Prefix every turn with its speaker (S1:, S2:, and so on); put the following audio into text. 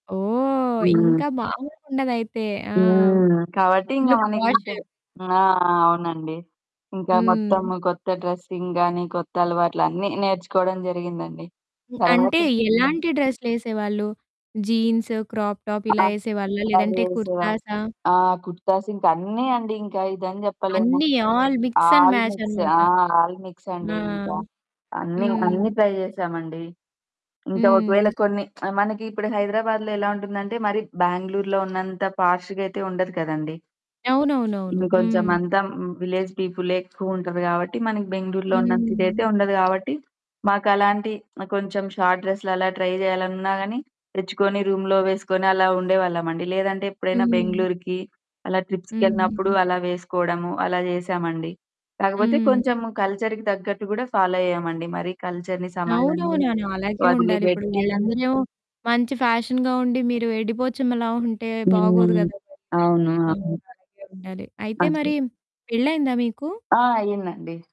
S1: ఓహ్! ఇంకా
S2: హ్మ్.
S1: మాములుగా ఉండదైతే. ఆ!
S2: హ్మ్, కాబట్టి ఇంగ
S1: ఫుల్
S2: మనకి
S1: పోష్.
S2: ఇంకా ఆ! అవునండి. ఇంక మొత్తం
S1: హ్మ్.
S2: కొత్త డ్రెసింగ్ గాని, కొత్త అలవాట్లు అన్నీ నేర్చుకోవడం జరిగిందండి.
S1: హ్మ్,
S2: తర్వాత
S1: అంటే
S2: హ్మ్.
S1: ఎలాంటి డ్రెస్లేసేవాళ్ళు? జీన్స్, క్రాప్ టాప్
S2: ఆ!
S1: ఇలా ఏసేవాళ్ళా? లేదంటే
S2: [unintelligible]
S1: కుర్తాసా?
S2: ఆ! కుర్తాస్ ఇంకా అన్నీ అండి, ఇంకా ఇదని చెప్పలేము.
S1: అన్నీ all mix and
S2: all
S1: match
S2: mix
S1: అనమాట.
S2: ఆ! ఆల్ మిక్స్ అండి.
S1: ఆ!
S2: ఇంకా అన్నీ,
S1: హ్మ్.
S2: అన్నీ ట్రై జేసామండి. ఇంకా ఒకవేళ
S1: హ్మ్.
S2: కొన్ని ఆహ్, మనకి ఇప్పుడు హైదరాబాద్లో ఎలా ఉంటుందంటే, మరి బెంగుళూరులో ఉన్నంత పాష్‌గా అయితే ఉండదు కదండీ!
S1: అవునవునవును.
S2: ఇంకొంచెం
S1: హ్మ్.
S2: అంతా ఊమ్ విలేజ్ పీపులే ఎక్కువ ఉంటారు గావట్టి, మనకి బెంగుళూరులో ఉన్నంత ఇదైతే
S1: హ్మ్.
S2: ఉండదు గావట్టి, మాకలాంటి కొంచెం షార్ట్ డ్రెస్లలా ట్రై జేయాలనున్నా గాని, తెచ్చుకొని, రూంలో వేసుకొని, అలా ఉండేవాళ్ళమండి. లేదంటే ఎప్పుడైనా
S1: హ్మ్.
S2: బెంగుళూరుకి, అలా ట్రిప్స్‌కెళ్ళినప్పుడు
S1: హ్మ్.
S2: అలా వేసుకోడము, అలా జేసామండి. కాకపోతే కొంచెం
S1: హ్మ్.
S2: కల్చర్‌కి తగ్గట్టు కూడా ఫాలో అయ్యామండి, మరి కల్చర్‌ని సమాజాన్ని
S1: అవునవును. అలాగే ఉండాలి. ఇప్పుడు
S2: వదిలిపెట్టి
S1: వాళ్ళందరూ ఏమో మంచి ఫ్యాషన్‌గా ఉండి, మీరు ఎడ్డిపోచమ్మలా ఉంటే బాగోదు
S2: హ్మ్.
S1: కదా!
S2: అవును.
S1: అండి. అవును
S2: అవును.
S1: అలాగే ఉండాలి. అయితే
S2: అంతే.
S1: మరి పెళ్లి అయిందా మీకు?
S2: ఆ! అయిందండి.